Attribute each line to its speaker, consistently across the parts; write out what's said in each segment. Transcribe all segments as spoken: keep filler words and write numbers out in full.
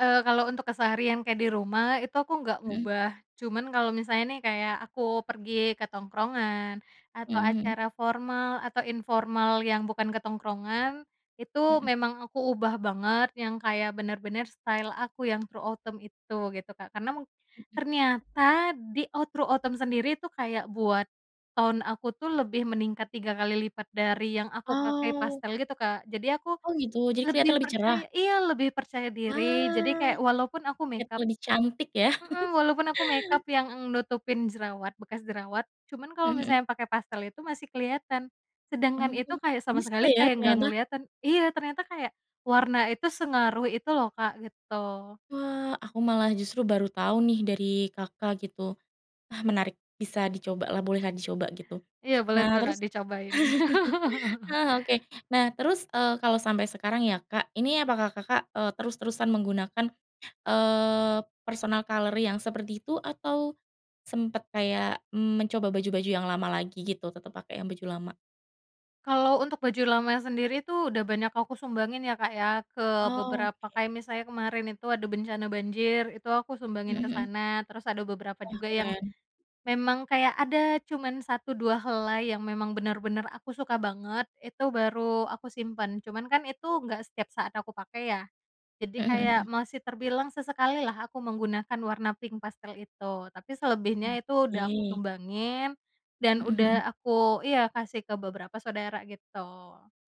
Speaker 1: Eee, kalau untuk keseharian kayak di rumah itu aku nggak
Speaker 2: Hmm.
Speaker 1: ngubah, cuman kalau misalnya nih kayak aku pergi ke tongkrongan atau
Speaker 2: Mhm mhm.
Speaker 1: acara formal atau informal yang bukan ke tongkrongan itu
Speaker 2: Mhm.
Speaker 1: memang aku ubah banget yang kayak bener-bener style aku yang true autumn itu gitu, Kak. Karena mung
Speaker 2: Mhm.
Speaker 1: ternyata di e true autumn sendiri itu kayak buat tone aku tuh lebih meningkat tiga kali lipat dari yang aku pakai
Speaker 2: Oh.
Speaker 1: pastel gitu, Kak. Jadi aku
Speaker 2: Oh gitu, jadi keliatan
Speaker 1: lebih
Speaker 2: lebih cerah?
Speaker 1: percaya iya, lebih percaya diri, jadi
Speaker 2: Wah!
Speaker 1: kayak walaupun aku
Speaker 2: Kelihat
Speaker 1: make-up
Speaker 2: lebih cantik ya?
Speaker 1: hmm, walaupun aku make-up yang eng nutupin jerawat, bekas jerawat cuman kalau
Speaker 2: Mhm mhm.
Speaker 1: misalnya pakai pastel itu masih kelihatan. Sedangkan
Speaker 2: Oh,
Speaker 1: itu kayak sama
Speaker 2: bisa
Speaker 1: sekali
Speaker 2: ya
Speaker 1: kayak nggak
Speaker 2: ternyata?
Speaker 1: kelihatan iya, ternyata kayak warna itu sengaruh itu loh, Kak, gitu.
Speaker 2: Wah, aku malah justru baru tau nih dari Kakak gitu. Wah menarik, bisa dicobalah, bolehlah dicoba gitu.
Speaker 1: Iya boleh
Speaker 2: Nah
Speaker 1: tuh, Kak,
Speaker 2: terus
Speaker 1: dicobain.
Speaker 2: Ah oke, nah terus, eee, kalau sampai sekarang ya, Kak, ini apakah Kakak, eee, terus-terusan menggunakan, eee, personal color yang seperti itu atau sempet kayak mencoba baju-baju yang lama lagi gitu, tetep pakai yang baju lama?
Speaker 1: Kalau untuk baju lama sendiri tuh udah banyak aku sumbangin ya, Kak, ya, ke beberapa,
Speaker 2: Oke.
Speaker 1: kayak misalnya kemarin itu ada bencana banjir itu aku
Speaker 2: Hmm
Speaker 1: sumbangin ke
Speaker 2: hmm.
Speaker 1: sana, terus ada beberapa
Speaker 2: Wah,
Speaker 1: juga yang
Speaker 2: keren.
Speaker 1: memang kayak ada cuman satu dua helai yang memang bener-bener aku suka banget, itu baru aku simpen. Cuman kan itu nggak setiap saat aku pakai ya?
Speaker 2: Hmm
Speaker 1: Jadi
Speaker 2: hmm hmm.
Speaker 1: kayak masih terbilang sesekali lah aku menggunakan warna pink pastel itu. Tapi selebihnya itu udah aku
Speaker 2: Oke.
Speaker 1: sumbangin dan
Speaker 2: Hmm hmm.
Speaker 1: udah aku iya, kasih ke beberapa saudara gitu.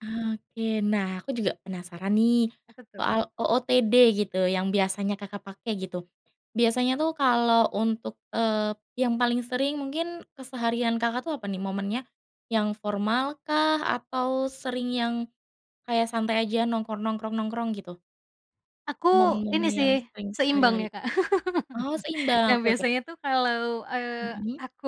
Speaker 2: Oke. Nah aku juga penasaran nih
Speaker 1: Apa tuh?
Speaker 2: soal OOTD gitu, yang biasanya Kakak pakai gitu. Biasanya tuh kalau untuk, eee, yang paling sering mungkin keseharian Kakak tuh apa nih momennya? Yang formal kah atau sering yang kayak santai aja, nongkrong nongkrong nongkrong, gitu?
Speaker 1: Aku
Speaker 2: Momen-momen
Speaker 1: ini
Speaker 2: yang
Speaker 1: sih,
Speaker 2: sering
Speaker 1: seimbang
Speaker 2: sehari-hari?
Speaker 1: ya, Kak.
Speaker 2: Oh seimbang,
Speaker 1: Nah
Speaker 2: oke oke.
Speaker 1: biasanya tuh kalau, eee,
Speaker 2: Mhm.
Speaker 1: aku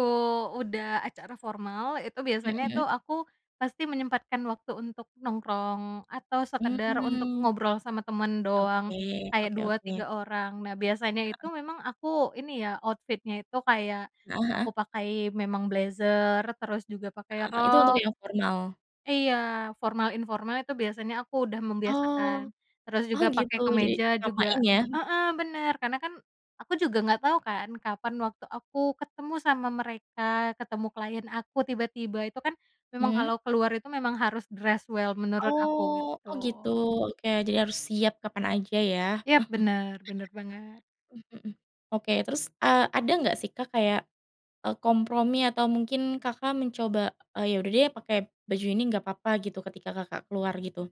Speaker 1: udah acara formal, itu biasanya
Speaker 2: Mhm.
Speaker 1: tuh aku pasti menyempatkan waktu untuk nongkrong atau sekedar untuk
Speaker 2: Mmm.
Speaker 1: ngobrol sama temen doang,
Speaker 2: Oke,
Speaker 1: kayak
Speaker 2: oke
Speaker 1: dua
Speaker 2: oke.
Speaker 1: tiga orang. Nah biasanya itu
Speaker 2: Heeh.
Speaker 1: memang aku ini ya outfit-nya itu kayak
Speaker 2: Heeh heeh.
Speaker 1: aku pakai memang blazer terus juga pakai
Speaker 2: Heeh, Itu untuk
Speaker 1: rok
Speaker 2: yang formal?
Speaker 1: Iya, formal informal itu biasanya aku udah membiasakan.
Speaker 2: Oh.
Speaker 1: Terus
Speaker 2: Oh
Speaker 1: juga
Speaker 2: gitu,
Speaker 1: pakai
Speaker 2: jadi
Speaker 1: kemeja juga
Speaker 2: samain ya?
Speaker 1: heeh, bener, karena kan aku juga nggak tau kan kapan waktu aku ketemu sama mereka ketemu client aku tiba-tiba, itu kan memang kalau
Speaker 2: Hmm.
Speaker 1: keluar itu memang harus dress well menurut aku
Speaker 2: Oh,
Speaker 1: gitu.
Speaker 2: oh gitu, oke jadi harus siap kapan aja ya?
Speaker 1: Yap bener, bener banget.
Speaker 2: Mhm hmm, oke terus, eee, ada enggak sih, Kak, kayak e kompromi atau mungkin Kakak mencoba, "Ya udah deh pakai baju ini enggak papa," gitu, ketika Kakak keluar gitu?